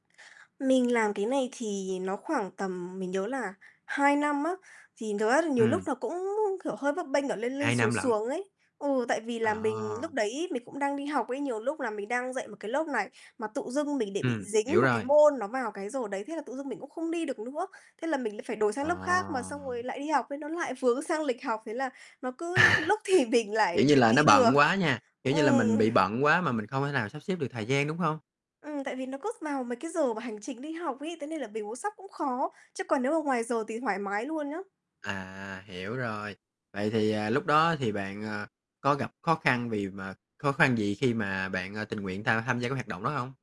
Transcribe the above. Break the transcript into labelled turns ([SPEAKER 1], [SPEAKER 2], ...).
[SPEAKER 1] Mình làm cái này thì nó khoảng tầm mình nhớ là 2 năm á, thì [unintelligible] là nhiều lúc
[SPEAKER 2] Ừm.
[SPEAKER 1] nó cũng [unintelligible] kiểu, hơi bấp bênh ở lên lên,
[SPEAKER 2] 2
[SPEAKER 1] xuống
[SPEAKER 2] năm lận?
[SPEAKER 1] xuống ấy. Ừ, tại vì là mình lúc
[SPEAKER 2] À!
[SPEAKER 1] đấy mình cũng đang đi học ấy, nhiều lúc là mình đang dạy một cái lớp này mà tự dưng mình để bị
[SPEAKER 2] Ừm, hiểu
[SPEAKER 1] dính một cái
[SPEAKER 2] rồi.
[SPEAKER 1] môn nó vào cái giờ đấy, thế là tự dưng mình cũng không đi được nữa, thế là mình lại phải đổi sang lớp khác mà
[SPEAKER 2] À.
[SPEAKER 1] xong rồi lại đi học ấy, nó lại vướng sang lịch học, thế là nó cứ
[SPEAKER 2] À,
[SPEAKER 1] lúc thì mình
[SPEAKER 2] kiểu
[SPEAKER 1] lại
[SPEAKER 2] như
[SPEAKER 1] được
[SPEAKER 2] là, nó
[SPEAKER 1] đi được.
[SPEAKER 2] bận quá nha, kiểu như là,
[SPEAKER 1] Ừm.
[SPEAKER 2] mình bị bận quá mà mình không thể nào sắp xếp được thời gian, đúng hông?
[SPEAKER 1] Ừm, tại vì nó cốt vào mấy cái giờ mà hành chính đi học ấy, thế nên là bình muốn sắp cũng khó, chứ còn nếu mà ngoài giờ thì thoải mái luôn nhá.
[SPEAKER 2] À, hiểu rồi. Vậy thì, à, lúc đó thì bạn, ờ, có gặp khó khăn vì mà khó khăn gì khi mà bạn, ờ, tình nguyện tham tham gia cái hoạt động đó hông?